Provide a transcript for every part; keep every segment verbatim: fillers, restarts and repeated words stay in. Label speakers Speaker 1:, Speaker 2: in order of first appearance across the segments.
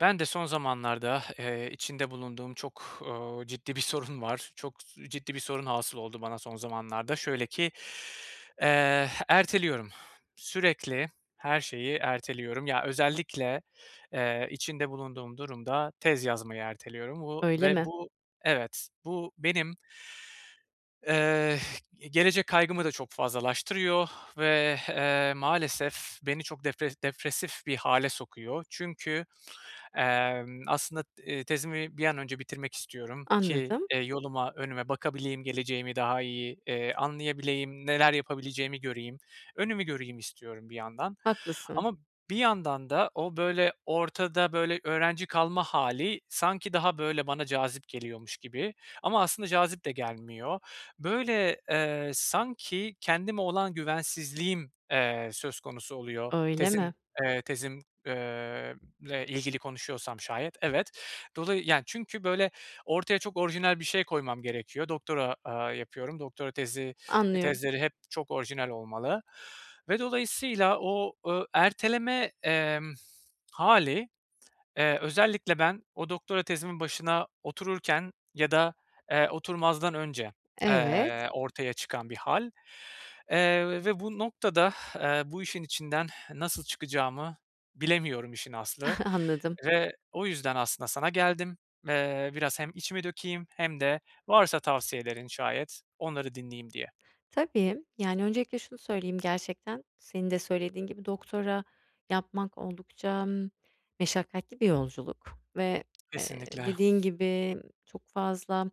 Speaker 1: Ben de son zamanlarda, eee, içinde bulunduğum çok, ııı, ciddi bir sorun var. Çok s ciddi bir sorun hasıl oldu bana son zamanlarda. Şöyle ki, eee, eh, erteliyorum. Sürekli her şeyi erteliyorum. Ya, özellikle, eee, içinde bulunduğum durumda tez yazmayı erteliyorum. Bu
Speaker 2: Öyle
Speaker 1: ve
Speaker 2: mi?
Speaker 1: bu Evet, bu benim, eh, gelecek kaygımı da çok fazlalaştırıyor ve, eee, maalesef beni çok depre depresif bir hâle sokuyor. Çünkü, emm, aslında, ııı, tezimi bir an önce bitirmek istiyorum ki,
Speaker 2: Anladım.
Speaker 1: eee, yoluma, önüme bakabileyim, geleceğimi daha iyi, eee, anlayabileyim, neler yapabileceğimi göreyim, önümü göreyim istiyorum, bir yandan.
Speaker 2: Haklısın.
Speaker 1: Ama, bir yandan da o, böyle, ortada, böyle, öğrenci kalma hâli sanki daha, böyle, bana cazip geliyormuş gibi. Ama aslında cazip de gelmiyor. Böyle, eee, sanki kendime olan güvensizliğim, eee, söz konusu oluyor,
Speaker 2: Öyle mi?
Speaker 1: tezin, eee, tezim eee, le ilgili konuşuyorsam şayet, evet. Dolayı yani, çünkü, böyle, ortaya çok orijinal bir şey koymam gerekiyor. Doktora, aaa, yapıyorum, doktora tezi,
Speaker 2: Anlıyorum.
Speaker 1: tezleri hep çok orijinal olmalı ve dolayısıyla o, ııı, erteleme, emm, hâli, eee, özellikle ben o doktora tezimin başına otururken ya da, eee, oturmazdan önce,
Speaker 2: Evet.
Speaker 1: eee, ortaya çıkan bir hâl, eee, ve bu noktada, eee, bu işin içinden nasıl çıkacağımı bilemiyorum işin aslı
Speaker 2: Anladım.
Speaker 1: ve o yüzden aslında sana geldim. Eee, biraz hem içimi dökeyim hem de varsa tavsiyelerin şayet, onları dinleyeyim diye.
Speaker 2: Tabii, yani, öncelikle şunu söyleyeyim, gerçekten senin de söylediğin gibi doktora yapmak oldukça meşakkatli bir yolculuk ve, eee,
Speaker 1: Kesinlikle.
Speaker 2: dediğin gibi çok fazla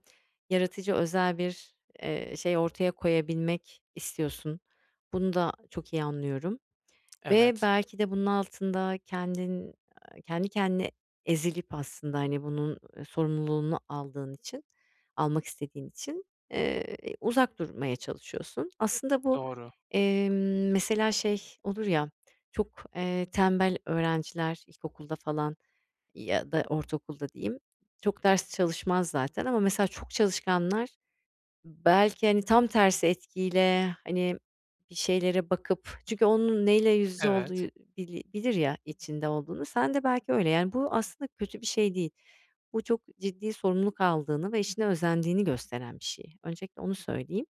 Speaker 2: yaratıcı, özel bir, eee, şey ortaya koyabilmek istiyorsun. Bunu da çok iyi anlıyorum ve
Speaker 1: Evet.
Speaker 2: belki de bunun altında kendin, aaa, kendi kendine ezilip aslında, hani, bunun, ııı, sorumluluğunu aldığın için, almak istediğin için, eee, uzak durmaya çalışıyorsun. Aslında bu,
Speaker 1: Doğru.
Speaker 2: emm, mesela, şey olur ya, çok, eee, tembel öğrenciler ilkokulda falan ya da ortaokulda, diyeyim, çok ders çalışmaz zaten ama mesela çok çalışkanlar belki, hani, tam tersi etkiyle, hani, bir şeylere bakıp, çünkü onun neyle yüz yüze olduğu
Speaker 1: Evet.
Speaker 2: bili bilir ya, içinde olduğunu, sen de belki öyle, yani, bu aslında kötü bir şey değil. Bu çok ciddi sorumluluk aldığını ve işine özendiğini gösteren bir şey. Öncelikle onu söyleyeyim.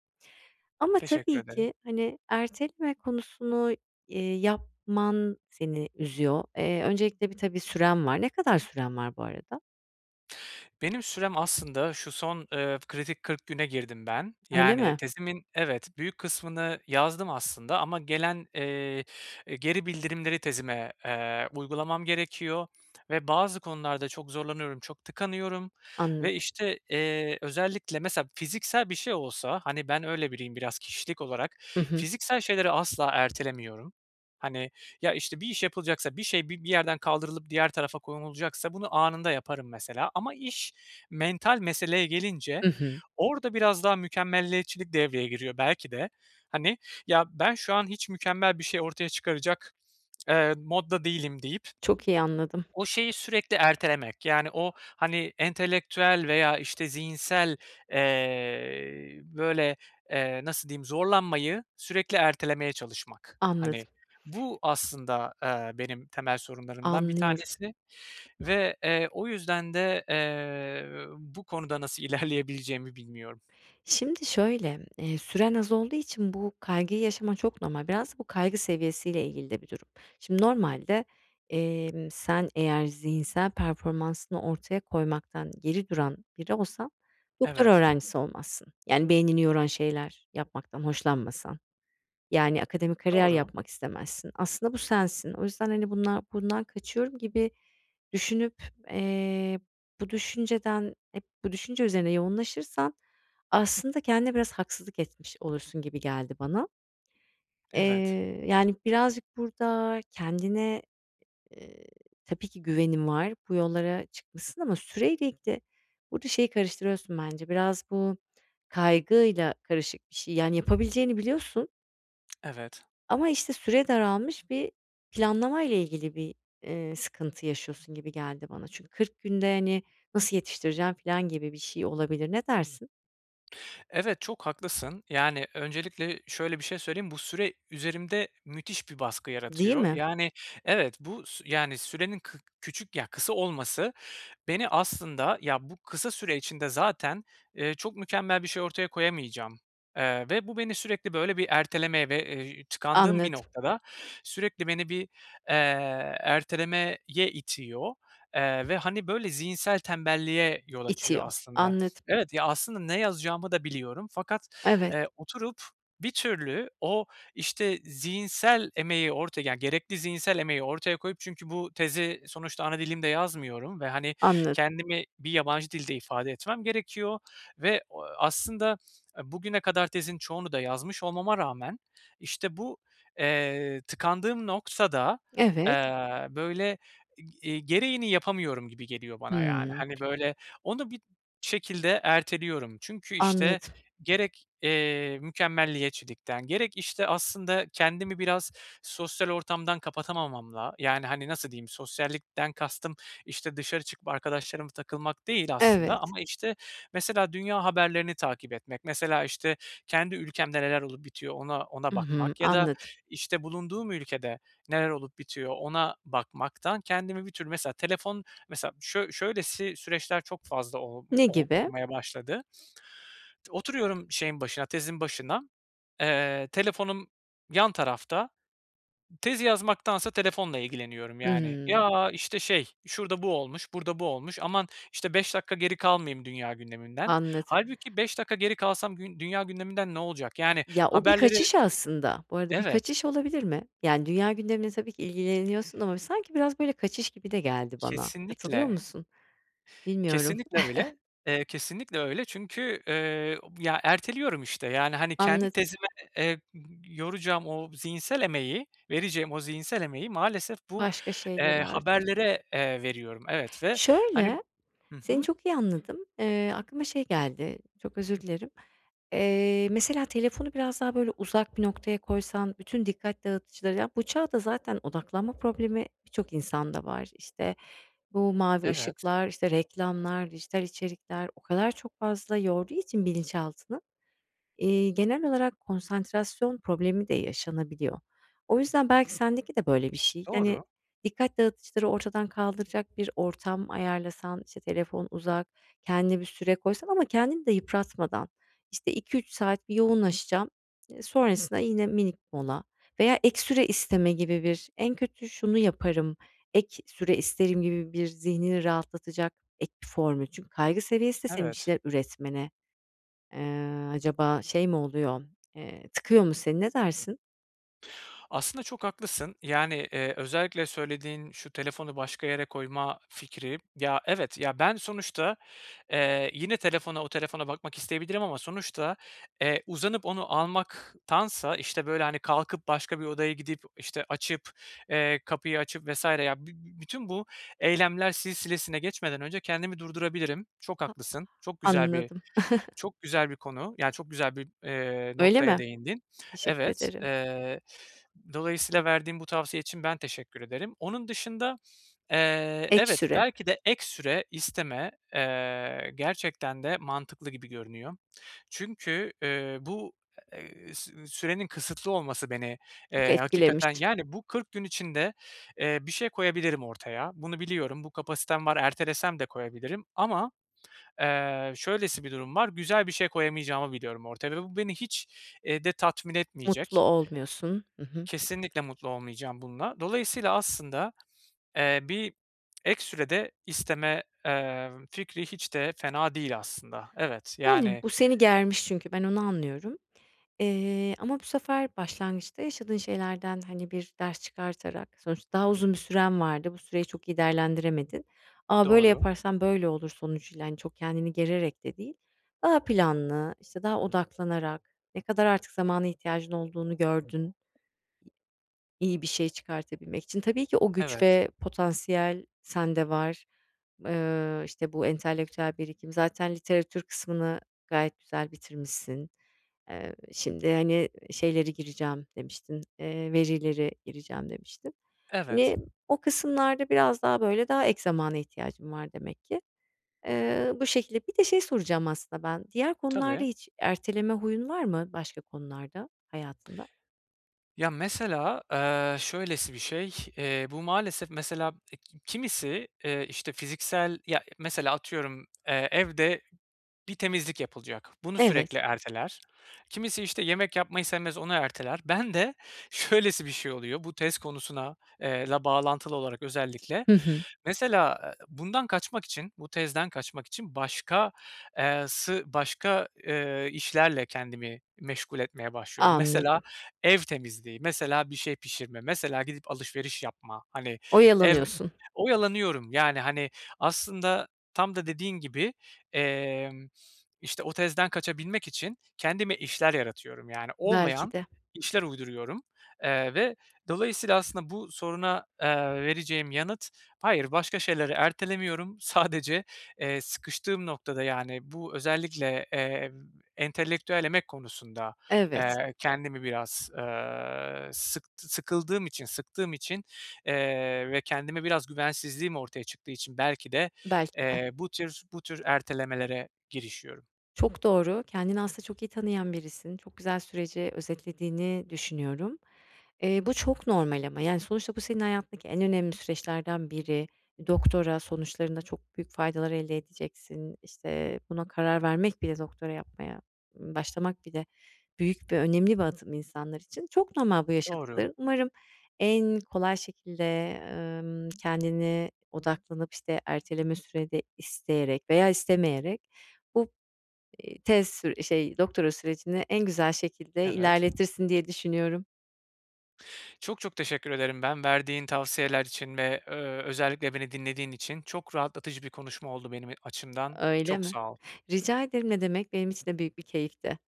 Speaker 2: Ama
Speaker 1: Teşekkür
Speaker 2: tabii
Speaker 1: ederim.
Speaker 2: ki, hani, erteleme konusunu, eee, yapman seni üzüyor. Eee, öncelikle, bir tabii süren var. Ne kadar süren var, bu arada?
Speaker 1: Benim sürem aslında şu son, ııı, kritik kırk güne girdim ben.
Speaker 2: Öyle
Speaker 1: Yani
Speaker 2: mi?
Speaker 1: tezimin, evet, büyük kısmını yazdım aslında ama gelen, eee, eee, geri bildirimleri tezime, eee, uygulamam gerekiyor ve bazı konularda çok zorlanıyorum, çok tıkanıyorum ve
Speaker 2: Anladım.
Speaker 1: işte, eee, özellikle mesela fiziksel bir şey olsa, hani ben öyle biriyim biraz kişilik olarak,
Speaker 2: Hı hı.
Speaker 1: fiziksel şeyleri asla ertelemiyorum. Hani ya işte bir iş yapılacaksa, bir şey bi bir yerden kaldırılıp diğer tarafa konulacaksa bunu anında yaparım mesela ama iş mental meseleye gelince
Speaker 2: Hı hı.
Speaker 1: orada biraz daha mükemmeliyetçilik devreye giriyor belki de. Hani ya ben şu an hiç mükemmel bir şey ortaya çıkaracak, eee, modda değilim deyip
Speaker 2: Çok iyi anladım.
Speaker 1: o şeyi sürekli ertelemek. Yani o hani entelektüel veya işte zihinsel, eee, böyle, eee, nasıl diyeyim zorlanmayı sürekli ertelemeye çalışmak. Hani
Speaker 2: Anladım.
Speaker 1: bu aslında, eee, benim temel sorunlarımdan bir
Speaker 2: Anlıyorum.
Speaker 1: tanesi ve, eee, o yüzden de, eee, bu konuda nasıl ilerleyebileceğimi bilmiyorum.
Speaker 2: Şimdi şöyle, eee, süren az olduğu için bu kaygıyı yaşaman çok normal. Biraz da bu kaygı seviyesiyle ilgili de bir durum. Şimdi normalde, emm, sen eğer zihinsel performansını ortaya koymaktan geri duran biri olsan, doktora
Speaker 1: Evet.
Speaker 2: öğrencisi olmazsın. Yani beynini yoran şeyler yapmaktan hoşlanmasan. Yani akademik kariyer
Speaker 1: Doğru.
Speaker 2: yapmak istemezsin. Aslında bu sensin. O yüzden hani bundan bundan kaçıyorum gibi düşünüp, eee, bu düşünceden hep bu düşünce üzerine yoğunlaşırsan aslında kendine biraz haksızlık etmiş olursun gibi geldi bana.
Speaker 1: Evet.
Speaker 2: Eee, yani birazcık burada kendine, eee, tabii ki güvenin var, bu yollara çıkmışsın ama süreyle ilgili. Burada şeyi karıştırıyorsun bence biraz bu kaygıyla karışık bir şey, yani yapabileceğini biliyorsun
Speaker 1: Evet.
Speaker 2: ama işte süre daralmış bir planlamayla ilgili bir, eee, sıkıntı yaşıyorsun gibi geldi bana. Çünkü kırk günde, hani, nasıl yetiştireceğim filan gibi bir şey olabilir, ne dersin?
Speaker 1: Evet, çok haklısın. Yani, öncelikle şöyle bir şey söyleyeyim, bu süre üzerimde müthiş bir baskı
Speaker 2: Değil
Speaker 1: yaratıyor.
Speaker 2: mi?
Speaker 1: Yani Evet, bu sü yani, sürenin kı küçük, ya, kısa olması beni aslında, ya, bu kısa süre içinde zaten, eee, çok mükemmel bir şey ortaya koyamayacağım, eee, ve bu beni sürekli, böyle, bir ertelemeye ve, eee ji tıkandığım bir
Speaker 2: Anlad
Speaker 1: noktada sürekli beni bir, eee, ertelemeye itiyor, eee, ve, hani, böyle, zihinsel tembelliğe yol açıyor
Speaker 2: İtiyor,
Speaker 1: aslında.
Speaker 2: anladım.
Speaker 1: Evet, ya, aslında ne yazacağımı da biliyorum fakat,
Speaker 2: Evet.
Speaker 1: eee, oturup bir türlü o, işte, zihinsel emeği orta yani, gerekli zihinsel emeği ortaya koyup Çünkü bu tezi sonuçta ana dilimde yazmıyorum ve, hani,
Speaker 2: Anladım.
Speaker 1: kendimi bir yabancı dilde ifade etmem gerekiyor. Ve, ooo, aslında e, bugüne kadar tezin çoğunu da yazmış olmama rağmen, işte, bu, eee, tıkandığım noktada,
Speaker 2: Evet.
Speaker 1: eee, böyle, eg eee, gereğini yapamıyorum gibi geliyor bana, yani.
Speaker 2: Hımm.
Speaker 1: Hani, böyle onu bir şekilde erteliyorum. Çünkü, işte,
Speaker 2: Anladım.
Speaker 1: gerek, eee, mükemmeliyetçilikten gerek, işte, aslında kendimi biraz sosyal ortamdan kapatamamamla, yani, hani, nasıl diyeyim? Sosyallikten kastım, işte, dışarı çıkıp arkadaşlarıma takılmak değil aslında
Speaker 2: Evet.
Speaker 1: ama, işte, mesela dünya haberlerini takip etmek, mesela, işte, kendi ülkemde neler olup bitiyor ona ona
Speaker 2: I hı,
Speaker 1: bakmak ya da,
Speaker 2: anladım.
Speaker 1: işte, bulunduğum ülkede neler olup bitiyor ona bakmaktan kendimi bir tür Mesela telefon Mesela şöy şöylesi süreçler çok fazla ol m
Speaker 2: Ne
Speaker 1: ol
Speaker 2: gibi?
Speaker 1: olmaya başladı. Oturuyorum şeyin başına, tezin başına. Eee, telefonum yan tarafta. Tezi yazmaktansa telefonla ilgileniyorum, yani,
Speaker 2: Hımm.
Speaker 1: "Ya, işte, şey şurada bu olmuş, burada bu olmuş. Aman, işte, beş dakika geri kalmayayım dünya gündeminden."
Speaker 2: Anladım.
Speaker 1: Hâlbuki beş dakika geri kalsam gün dünya gündeminden ne olacak? Yani,
Speaker 2: Ya, o bir
Speaker 1: haberleri
Speaker 2: kaçış aslında. Bu arada bir
Speaker 1: Evet.
Speaker 2: kaçış olabilir mi? Yani, dünya gündemiyle tabii ki ilgileniyorsun ama bir sanki biraz, böyle, kaçış gibi de geldi bana. Katılıyor
Speaker 1: Kesinlikle.
Speaker 2: musun? Bilmiyorum.
Speaker 1: Kesinlikle öyle. Eee, kesinlikle öyle çünkü, eee, ob ya, erteliyorum, işte. Yani, hani, kendi
Speaker 2: Anla
Speaker 1: tezime, eee, [unintelligible] yoracağım o zihinsel emeği, vereceğim o zihinsel emeği maalesef bu,
Speaker 2: Başka şeylere
Speaker 1: eee,
Speaker 2: harcıyorsun.
Speaker 1: haberlere, eee, veriyorum. Evet ve hani
Speaker 2: Şöyle,
Speaker 1: Hı
Speaker 2: seni
Speaker 1: hı.
Speaker 2: çok iyi anladım, eee, aklıma şey geldi, çok özür dilerim. Eee, mesela telefonu biraz daha, böyle, uzak bir noktaya koysan, bütün dikkat dağıtıcıları. Ya, bu çağda zaten odaklanma problemi birçok insanda var. İşte, bu mavi
Speaker 1: Evet.
Speaker 2: ışıklar, işte, reklamlar, dijital içerikler o kadar çok fazla yorduğu için bilinçaltını, eee, genel olarak konsantrasyon problemi de yaşanabiliyor. O yüzden belki sendeki de böyle bir şey. Yani,
Speaker 1: Doğru.
Speaker 2: dikkat dağıtıcıları ortadan kaldıracak bir ortam ayarlasan, işte, telefon uzak, kendine bir süre koysan ama kendini de yıpratmadan. İşte, iki üç saat bir yoğunlaşacağım, eee, sonrasında yine minik mola veya ek süre isteme gibi bir "En kötü şunu yaparım, ek süre isterim." gibi, bir zihnini rahatlatacak ek bir formül. Çünkü kaygı seviyesi de senin bir
Speaker 1: Evet.
Speaker 2: şeyler üretmene, eee, acaba şey mi oluyor, eee, tıkıyor mu seni, ne dersin?
Speaker 1: Aslında çok haklısın, yani, eee, özellikle söylediğin şu telefonu başka yere koyma fikri Ya evet, ya ben sonuçta, eee, yine telefona o telefona bakmak isteyebilirim ama sonuçta, eee, uzanıp onu almaktansa, işte, böyle, hani, kalkıp başka bir odaya gidip, işte, açıp, eee, kapıyı açıp vs. ya, bi bü bütün bu eylemler silsilesine geçmeden önce kendimi durdurabilirim. Çok
Speaker 2: Ha
Speaker 1: haklısın, çok
Speaker 2: Ah,
Speaker 1: güzel bir
Speaker 2: anladım.
Speaker 1: çok güzel bir konu, yani, çok güzel bir, eee,
Speaker 2: Öyle
Speaker 1: noktaya
Speaker 2: mi?
Speaker 1: değindin.
Speaker 2: Teşekkür
Speaker 1: Evet,
Speaker 2: ederim.
Speaker 1: eee, dolayısıyla verdiğin bu tavsiye için ben teşekkür ederim. Onun dışında, eee,
Speaker 2: Ek
Speaker 1: evet,
Speaker 2: süre.
Speaker 1: belki de ek süre isteme, eee, gerçekten de mantıklı gibi görünüyor. Çünkü, eee, bu, eee, sü sürenin kısıtlı olması beni,
Speaker 2: Çok
Speaker 1: eee,
Speaker 2: etkilemiş.
Speaker 1: hakikaten Yani, bu kırk gün içinde, eee, bir şey koyabilirim ortaya. Bunu biliyorum, bu kapasitem var, ertelesem de koyabilirim ama, eee, şöylesi bir durum var, güzel bir şey koyamayacağımı biliyorum ortaya ve bu beni hiç, eee, de tatmin
Speaker 2: Mutlu
Speaker 1: etmeyecek.
Speaker 2: olmuyorsun. I hı.
Speaker 1: Kesinlikle mutlu olmayacağım bununla. Dolayısıyla aslında, eee, bir ek süre de isteme, eee, v fikri hiç de fena değil aslında. Evet,
Speaker 2: Yani
Speaker 1: yani
Speaker 2: bu seni germiş çünkü, ben onu anlıyorum. Eee, ama bu sefer başlangıçta yaşadığın şeylerden, hani, bir ders çıkartarak Sonuçta daha uzun bir süren vardı, bu süreyi çok iyi değerlendiremedin ama "Böyle
Speaker 1: Doğru.
Speaker 2: yaparsam böyle olur." sonucuyla, hani, çok kendini gererek de değil. Daha planlı, işte, daha odaklanarak. Ne kadar artık zamana ihtiyacın olduğunu gördün. İyi bir şey çıkartabilmek için. Tabii ki o güç
Speaker 1: Evet.
Speaker 2: ve potansiyel sende var, eee, işte, bu entelektüel birikim zaten literatür kısmını gayet güzel bitirmişsin. Eee, şimdi hani, "Şeyleri gireceğim" demiştin, eee, "verileri gireceğim." demiştin.
Speaker 1: Evet.
Speaker 2: Hani, o kısımlarda biraz daha, böyle, daha ek zamana ihtiyacın var demek ki. Eee, bu şekilde. Bir de şey soracağım aslında ben, diğer konularda
Speaker 1: Tabii.
Speaker 2: hiç erteleme huyun var mı, başka konularda hayatında?
Speaker 1: Ya, mesela, eee, şöylesi bir şey. Eee, bu maalesef mesela e ki kimisi, eee, işte, fiziksel Ya, e mesela atıyorum, eee, evde bir temizlik yapılacak. Bunu
Speaker 2: Evet.
Speaker 1: sürekli erteler. Kimisi, işte, yemek yapmayı sevmez, onu erteler. Bende şöylesi bir şey oluyor, bu tez konusuna, eee, la bağlantılı olarak özellikle.
Speaker 2: Hı hı.
Speaker 1: Mesela [unintelligible] bundan kaçmak için bu tezden kaçmak için başka eee, sı başka, eee, işlerle kendimi meşgul etmeye başlıyorum. Mesela
Speaker 2: Anladım.
Speaker 1: ev temizliği, mesela bir şey pişirme, mesela gidip alışveriş yapma, hani, ev
Speaker 2: Oyalanıyorsun.
Speaker 1: Oyalanıyorum, yani, hani, aslında tam da dediğin gibi, emm, işte, o tezden kaçabilmek için kendime işler yaratıyorum, yani,
Speaker 2: Belki
Speaker 1: olmayan
Speaker 2: de.
Speaker 1: işler uyduruyorum. Eee, ve dolayısıyla aslında bu soruna, eee, vereceğim yanıt: "Hayır, başka şeyleri ertelemiyorum. Sadece, eee, sıkıştığım noktada, yani, bu özellikle, emm, entelektüel emek konusunda,
Speaker 2: Evet.
Speaker 1: eee, kendimi biraz, eee, sıktı sıkıldığım için, sıktığım için, eee, ve kendime biraz güvensizliğim ortaya çıktığı için belki de,
Speaker 2: Belki de.
Speaker 1: eee, bu tür bu tür ertelemelere girişiyorum.
Speaker 2: Çok doğru, kendini aslında çok iyi tanıyan birisin, çok güzel süreci özetlediğini düşünüyorum. Eee, bu çok normal ama, yani, sonuçta bu senin hayatındaki en önemli süreçlerden biri. E, Doktora, sonuçlarında çok büyük faydalar elde edeceksin. İşte, buna karar vermek bile doktora yapmaya, mmm, başlamak bile büyük ve önemli bir adım insanlar için. Çok normal bu
Speaker 1: Doğru.
Speaker 2: yaşadıkların, umarım en kolay şekilde, emm, kendine odaklanıp, işte, erteleme süredi isteyerek veya istemeyerek bu, eee, tez sür eee, şey doktora sürecini en güzel şekilde
Speaker 1: Evet.
Speaker 2: ilerletirsin diye düşünüyorum.
Speaker 1: Çok çok teşekkür ederim, ben verdiğin tavsiyeler için ve, ööö, özellikle beni dinlediğin için. Çok rahatlatıcı bir konuşma oldu benim e açımdan.
Speaker 2: Öyle
Speaker 1: Çok
Speaker 2: mi?
Speaker 1: sağ ol.
Speaker 2: Rica ederim, ne demek. Benim için de büyük bir keyifti.